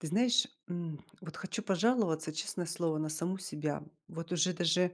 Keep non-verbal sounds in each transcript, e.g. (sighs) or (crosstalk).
Ты знаешь, м, вот хочу пожаловаться, честное слово, на саму себя. Вот уже даже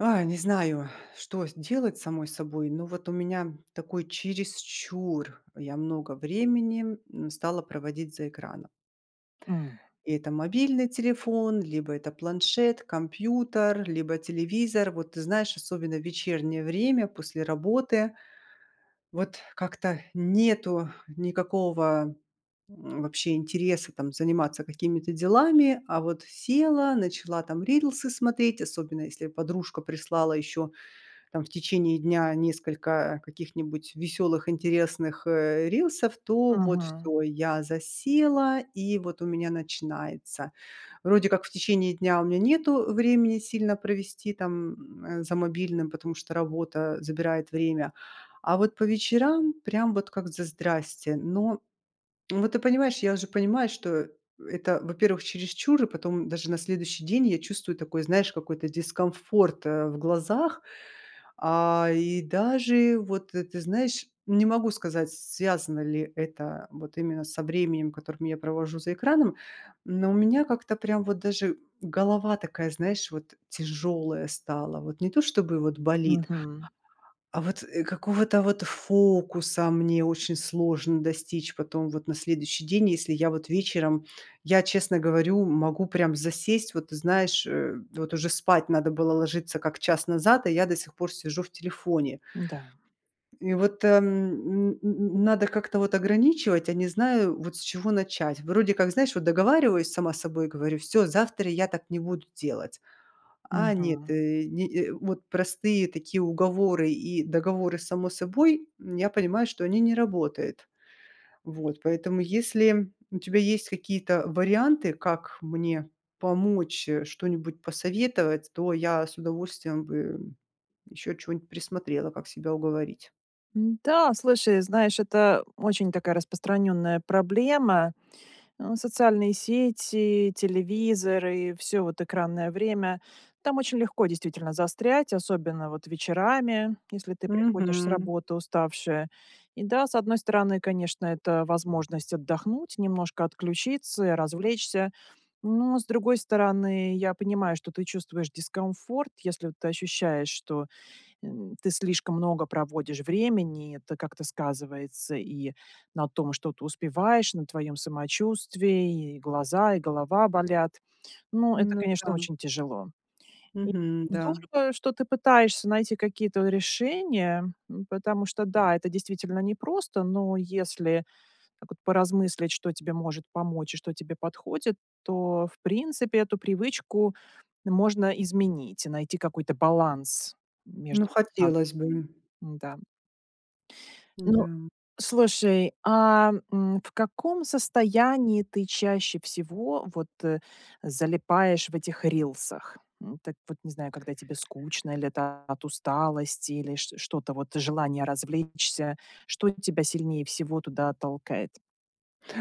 ой, не знаю, (sighs) что делать с самой собой, но вот у меня, такой, чересчур, я много времени, м, стала проводить за экраном. М. Это мобильный телефон, либо это планшет, компьютер, либо телевизор. Вот ты знаешь, особенно в вечернее время, после работы. Вот, как-то нету никакого, м, вообще интереса, там, заниматься какими-то делами. А вот села, начала, там, рилсы смотреть. Особенно если подружка прислала ещё, там, в течение дня, несколько каких-нибудь веселых, интересных, э, рилсов, то вот Мгм. всё- я засела, и, вот, у меня начинается. Вроде как в течение дня у меня нету времени сильно провести там, э, за мобильным, потому что работа, э, забирает время, а вот по вечерам прям вот как за здрасьте. Но, вот ты понимаешь, я уже понимаю, что, э, это, во-первых, чересчур, и потом даже на следующий день я чувствую такой, знаешь, какой-то дискомфорт, э, в глазах. А, и даже вот, ты, ты знаешь, не могу сказать, с связано ли это, э, вот именно со временем, которым я провожу за экраном, но у меня как-то прям вот даже голова такая, знаешь, вот, тяжёлая стала. Вот не то чтобы, вот, болит. Мгм. А вот, э, какого-то, вот, фокуса мне очень сложно достичь потом, вот на следующий день, если я вот вечером, я честно говорю, могу прям засесть. Вот знаешь, э, вот уже спать надо было ложиться как час назад, а я до сих пор сижу в телефоне. Да. И вот, эм, н н н надо как-то, вот, ограничивать, а не знаю, вот, с чего начать. Вроде как, знаешь, вот договариваюсь сама с собой, говорю: "Всё, завтра я так не буду делать". А нет, Мгм. э. Ни, э, вот простые такие уговоры и договоры сами с собой, я понимаю, что они не работают. Вот, поэтому, если у тебя есть какие-то варианты, как мне помочь, э, что-нибудь посоветовать, то я с удовольствием бы, э, ещё чё-нибудь присмотрела, как себя уговорить. М-да, слушай, знаешь, это очень такая распространенная проблема. Э, социальные сети, телевизоры- всё, вот, экранное время. Там очень легко действительно застрять, особенно, вот, вечерами, если ты приходишь с Мгм. работы уставшая. И да, с одной стороны, конечно, это возможность отдохнуть, немножко отключиться, и развлечься. Но, с другой стороны, я понимаю, что ты чувствуешь дискомфорт, если ты ощущаешь, что, м, ты слишком много проводишь времени, и это как-то сказывается и на том, что ты успеваешь, на твоем самочувствии: и глаза, и голова болят. Но это, Ну конечно, да. очень тяжело. И Мгм. Да. здорово, что ты пытаешься найти какие-то решения, м, потому что, да, это действительно непросто. Но, если так вот поразмыслить, что тебе может помочь и что тебе подходит, то, в принципе, эту привычку можно изменить и найти какой-то баланс Ну, между экранами. хотелось бы. Н-да. М, Ну, да. слушай, а, м, в каком состоянии ты чаще всего вот, э, залипаешь в этих рилсах? М, так вот не знаю, когда тебе скучно, или это от усталости, или чт что то, вот, желание развлечься, что тебя сильнее всего туда толкает?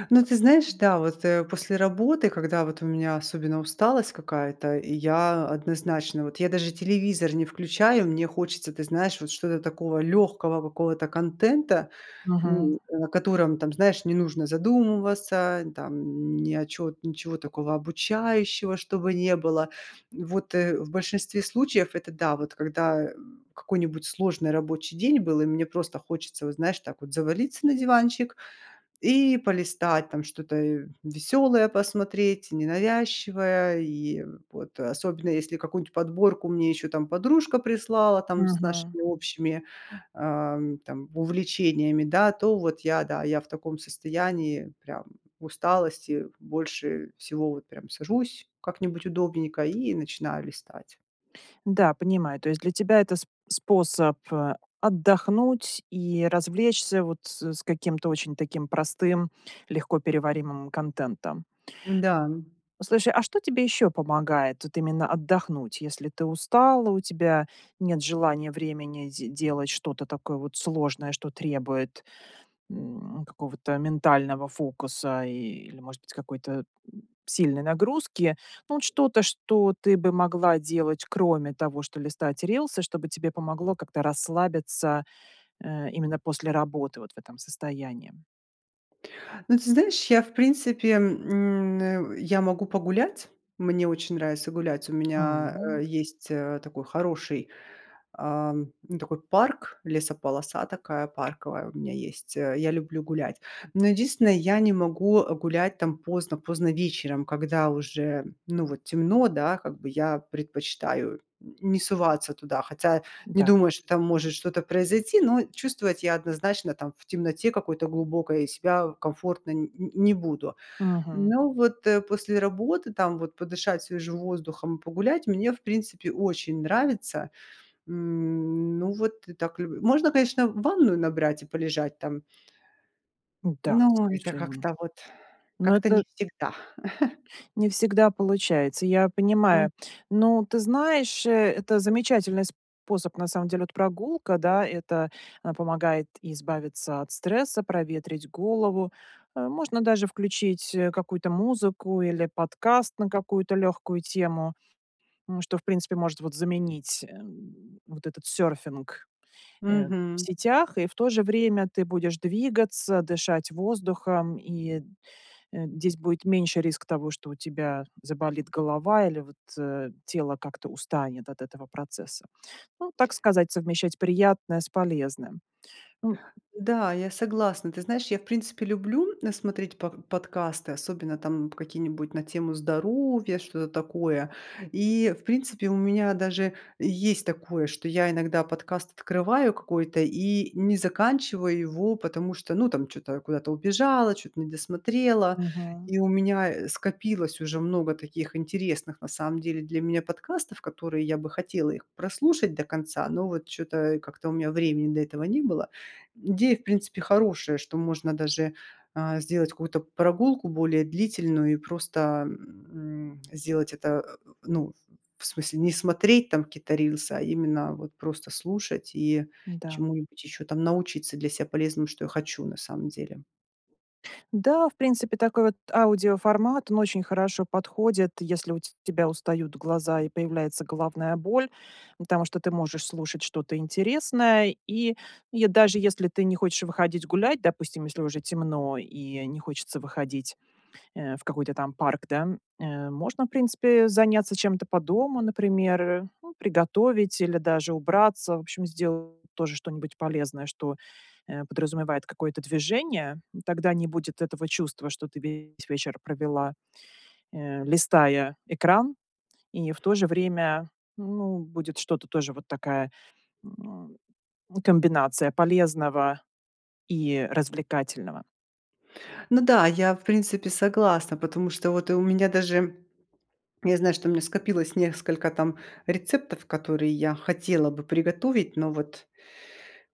Ну, ты знаешь, да. Вот, э, после работы, когда вот у меня особенно усталость какая-то, и я однозначно, вот я даже телевизор не включаю. Мне хочется, ты знаешь, вот, что-то такого легкого какого-то контента. М, Мгм. на котором там, знаешь, не нужно задумываться, там, н ни о чё ничего такого обучающего, чтобы не было. Вот, э, в большинстве случаев это, да. Вот когда, м, какой-нибудь сложный рабочий день был, и мне просто хочется, вот знаешь, так вот завалиться на диванчик и полистать там что-то, э, веселое посмотреть, ненавязчивое. И, э, вот. Особенно, если какую-нибудь подборку мне еще там подружка прислала, там, с Мгм. нашими общими, ам, там, увлечениями, да. То вот я, да, я в таком состоянии, прям в усталости, больше всего, вот, прям сажусь как-нибудь удобненько и начинаю листать. Да, понимаю. То есть, для тебя это сп способ, э, отдохнуть и развлечься, вот, с с каким-то очень таким простым, легкоперевариваемым контентом. Да, м. Слушай, а что тебе еще помогает, вот, именно отдохнуть? Если ты устала, у тебя нет желания, времени, де делать что-то такое вот сложное, что требует, м, какого-то ментального фокуса, и, или, может быть, какой-то, м, сильной нагрузки. Ну вот, что-то, что ты бы могла делать, кроме того, что листать рилсы? Что бы тебе помогло как-то расслабиться, э, именно после работы, вот, в этом состоянии? Ну, ты знаешь, я в принципе, м, э, я могу погулять. Мне очень нравится гулять. У меня, э, Ам. есть, э, такой хороший, ам, ну такой парк, лесополоса такая парковая у меня есть, э, я люблю гулять. Но единственное, я не могу, э, гулять там поздно-поздно вечером, когда уже, ну, вот темно, да, как бы я предпочитаю н не соваться туда. Хотя не Да. думаю, что там может что-то произойти, но чувствовать я однозначно там в темноте какой-то глубокой себя комфортно н н не буду. Мгм. Ну, вот, э, после работы, там вот подышать свежим воздухом, погулять мне в принципе очень нравится. М, ну, вот так люб Можно, конечно, ванную набрать и полежать там. Да, Но это совершенному. как-то вот, Но как-то не это всегда. (chuckles) не всегда получается. Я М. понимаю. Ну, ты знаешь, э, это замечательный способ на самом деле. Вот прогулка, да, это, а, помогает избавиться от стресса, проветрить голову, э, можно даже включить, э, какую-то музыку или подкаст на какую-то легкую тему. М, что в принципе, вот, может заменить, эм, вот этот серфинг, э, в Мгм. сетях. И в то же время ты будешь двигаться, дышать воздухом. И, э, здесь будет меньше риск того, что у тебя заболит голова или, вот, э, тело как-то устанет от этого процесса. Ну, так сказать, совмещать приятное с полезным. Ну, м Да, я согласна. Ты знаешь, я в принципе люблю на смотреть под подкасты. Особенно, там, какие-нибудь на тему здоровья, что-то такое. И, в принципе, у меня даже есть такое, что я иногда подкаст открываю какой-то и не заканчиваю его, потому что, ну, там, чё-то куда-то убежала, чё-то не досмотрела. Мгм. И у меня, э, скопилось уже много таких интересных на самом деле для меня подкастов, которые я бы хотела их прослушать до конца. Но вот чё-то, э, как-то у меня времени для этого не было. Идея в принципе хорошая, что можно даже, а, сделать какую-то прогулку более длительную и просто, м, сделать это, э, ну, в смысле не смотреть там какие-то рилсы. А именно вот просто слушать и Да. чему-нибудь еще там научиться для себя полезному, что я хочу на самом деле. Да, в принципе такой, вот, аудиоформат- он очень хорошо подходит, если у те тебя устают глаза и появляется головная боль. Потому что ты можешь слушать что-то интересное. И, и даже если ты не хочешь выходить гулять- допустим, если уже темно и не хочется выходить, э, в какой-то там парк, да- э, можно в принципе заняться чем-то по дому, например, э. Ну, приготовить или даже убраться. В общем, сделать тоже что-нибудь полезное, что, э, подразумевает какое-то движение, м. Тогда не будет этого чувства, что ты весь вечер провела, э, листая экран. И в то же время, ну, будет что-то, тоже вот такая, м, комбинация полезного и развлекательного. Ну да, я, в принципе, согласна, потому что, вот и у меня, даже (swallows) я знаю, что у меня скопилось несколько, там, рецептов, которые я хотела бы приготовить. Но вот,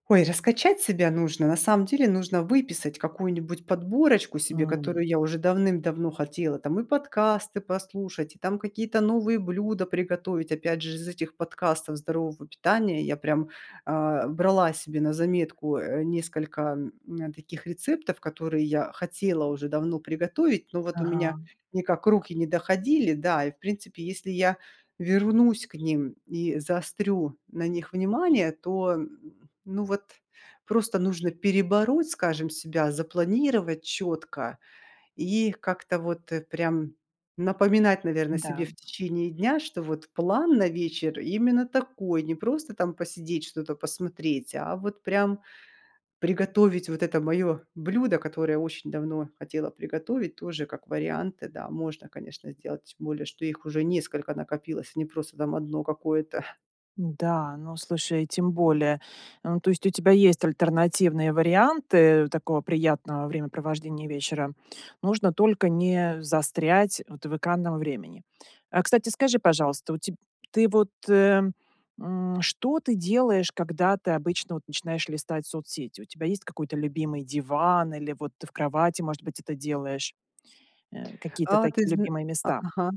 ой, раскачать себя нужно. На самом деле нужно выписать какую-нибудь подборочку себе, М. которую я уже давным-давно хотела. Там, и подкасты послушать, и, там, какие-то новые блюда приготовить, опять же, из этих подкастов здорового питания я прям, э, брала себе на заметку, э, несколько, м, таких рецептов, которые я хотела уже давно приготовить, но вот у меня Ага. никак руки не доходили. Да, и, в принципе, если я вернусь к ним и заострю на них внимание, то, ну вот, просто нужно перебороть, скажем, себя, запланировать четко и как-то, вот, э, прям, напоминать, наверно, себе Да. в течение дня, что, вот план на вечер именно такой. Не просто, там, посидеть, что-то посмотреть, а вот, прям, приготовить вот это мое блюдо, которое очень давно хотела приготовить, тоже, как варианты, да можно, конечно, сделать. Тем более что их уже несколько накопилось, а не просто, там, 1 одно какое-то. Да, ну, слушай, тем более, эм, то есть у тебя есть альтернативные варианты такого приятного времяпровождения вечера? Нужно только не застрять, вот, в экранном времени. Кстати, скажи, пожалуйста, у теб ты вот, э, м, что ты делаешь, когда ты обычно вот начинаешь листать соцсети? У тебя есть какой-то любимый диван или вот ты в кровати, может быть, это делаешь, э, какие-то А ты такие зна любимые а, места? ага,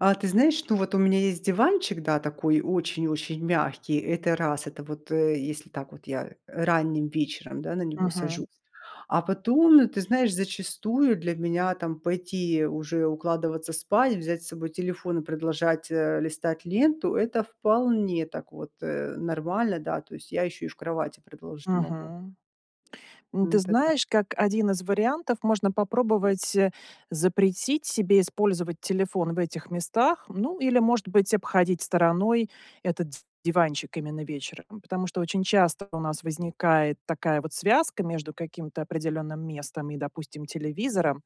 а ты знаешь, ну вот, у меня есть диванчик, да, такой очень-очень мягкий, это раз, это вот, э, если так, вот я ранним вечером, да, на него Мгм. сажусь. А потом, ты знаешь, зачастую для меня, там, пойти уже укладываться спать, взять с собой телефон и продолжать, э, листать ленту- это вполне так, вот, э, нормально, да, то есть я ещё и в кровати продолжить могу. Мгм. Ну, ты Это да. знаешь, как 1 из вариантов, можно попробовать, э, запретить себе использовать телефон в этих местах, ну или, может быть, обходить стороной этот диванчик именно вечером, потому что очень часто у нас возникает такая вот связка между каким-то определенным местом и, допустим, телевизором.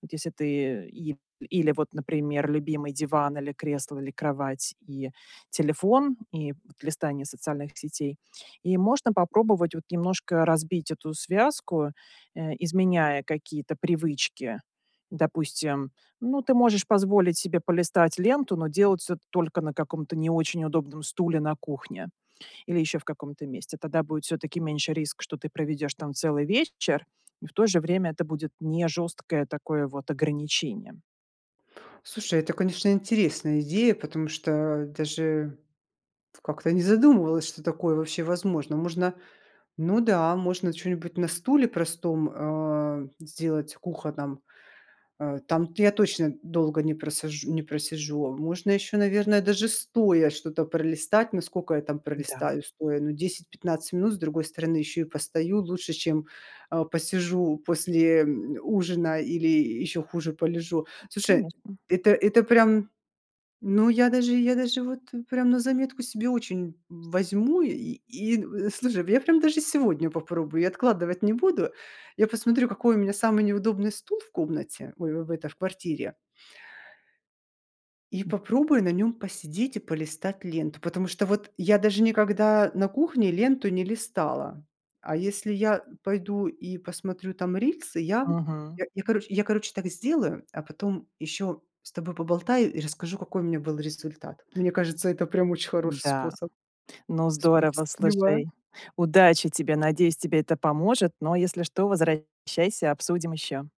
Вот если ты и или вот, например, любимый диван, или кресло, или кровать и телефон, и вот листание социальных сетей. И можно попробовать, вот, немножко разбить эту связку, э, изменяя какие-то привычки. Допустим, ну, ты можешь позволить себе полистать ленту, но делать это только на каком-то не очень удобном стуле на кухне или еще в каком-то месте. Тогда будет всё-таки меньше риск, что ты проведешь там целый вечер, и в то же время это будет не жесткое такое вот ограничение. Слушай, это, конечно, интересная идея, потому что даже как-то не задумывалась, что такое вообще возможно. Можно, ну да, можно чё-нибудь на стуле простом, э, сделать кухонном, э, там-то я точно долго не просаж не просижу, можно еще, наверное, даже стоя что-то пролистать, ну, сколько я там Да. пролистаю стоя, ну, 10-15 минут, с другой стороны еще и постою, лучше, чем, э, посижу после, м, ужина или еще хуже полежу. Слушай, Конечно. это это прям ну, я даже, я даже вот, прям, на заметку себе очень возьму, и и, слушай, я прям даже сегодня попробую, я откладывать не буду. Я посмотрю, какой у меня самый неудобный стул в комнате, ой, в эта в квартире. И попробую на нем посидеть и полистать ленту. Потому что вот я даже никогда на кухне ленту не листала, а если я пойду и посмотрю там рилсы, я Мгм. я, короче, я, короче, так сделаю, а потом еще с тобой поболтаю и расскажу, какой у меня был результат. Мне кажется, это прям очень хороший Да. способ. Ну, здорово, Спасибо. слушай! Удачи тебе, надеюсь, тебе это поможет, но если что, возвращайся, обсудим еще.